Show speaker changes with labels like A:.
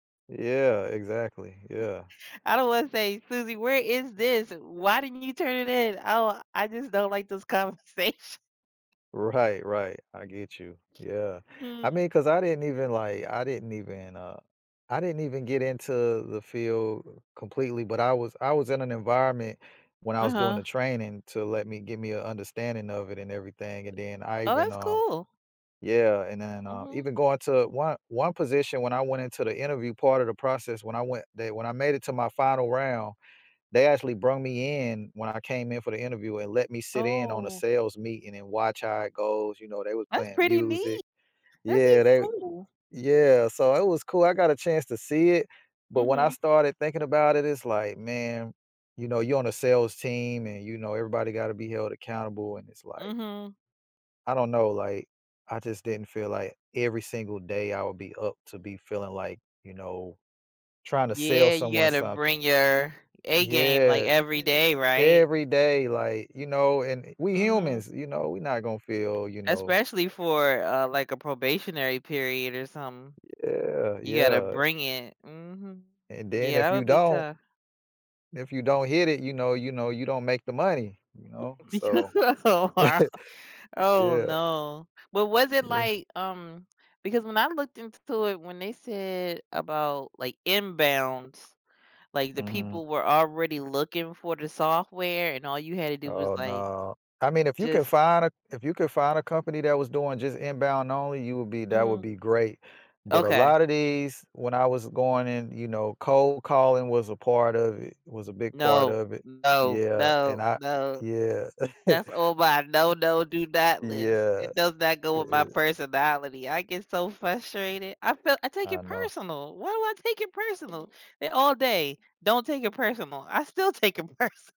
A: Yeah, exactly, yeah.
B: I don't wanna say, Suzie, where is this? Why didn't you turn it in? Oh, I just don't, like, this conversat
A: Right, right, I get you, yeah, I
B: Mm.
A: mean, 'cause I didn't even, like, I didn't even, uh, I didn't even get into the field completely, but, I was I was in an environment when I was doing
B: Uh-huh.
A: the training to let me, give me an understanding of it and everything and then I
B: Oh,
A: even,
B: that's
A: uh,
B: cool.
A: yeah, and then, uh,
B: Mhm.
A: even going to one one position when I went into the interview part of the process when I went, they when I made it to my final round. They actually brung me in when I came in for the interview and let me sit in on a
B: Oh.
A: sales meeting and watch how it goes, you know, they was
B: That's
A: playing
B: pretty
A: music.
B: neat. That
A: Yeah,
B: seems
A: they,
B: cool.
A: yeah, so it was cool. I got a chance to see it, but, when I
B: Mhm.
A: started thinking about it it's like, man, you know, you're on a sales team and you know, everybody got to be held accountable, and it's, like
B: Mhm.
A: I don't know, like, I just didn't feel like every single day I would be up to be feeling, like, you know, trying to sell
B: Yeah, you
A: someone
B: gotta
A: something.
B: bring your A game, like,
A: Yeah, e
B: everyday,
A: e
B: right?
A: every day, like, you know, and we
B: Mhm.
A: humans, you know, we not gonna feel, you know
B: Especially for, uh, like, a probationary period or something.
A: Yeah,
B: You gotta
A: yeah.
B: bring it. Mhm.
A: And then
B: Yeah,
A: if
B: that
A: you
B: would be
A: don't
B: tough.
A: if you don't hit it, you know you know, you don't make the money, you know, so
B: Oh, wow. Oh,
A: yeah.
B: no. But, was it,
A: Yeah.
B: like, um, because when I looked int to it, when they said about, like, inbounds, like, the
A: Mhm
B: people were already looking for the software and all you had to do was,
A: Oh,
B: like,
A: no, I mean if you can
B: just
A: find a if you could find a company that was doing just inbound only, you would be that would
B: Mhm.
A: be great, but, a
B: Okay.
A: lotta these when I was going in, you know, cold calling was a part of it, was a big part
B: No,
A: of it,
B: no,
A: yeah, and
B: no,
A: I,
B: no,
A: yeah.
B: that's all mine, no, no, do not list.
A: Yeah,
B: It does not go with my
A: it I
B: personality. I get so frustrated. I feel, I take
A: I
B: it
A: know.
B: personal. Why do I take it personal all day, don't take it personal. I still take it perso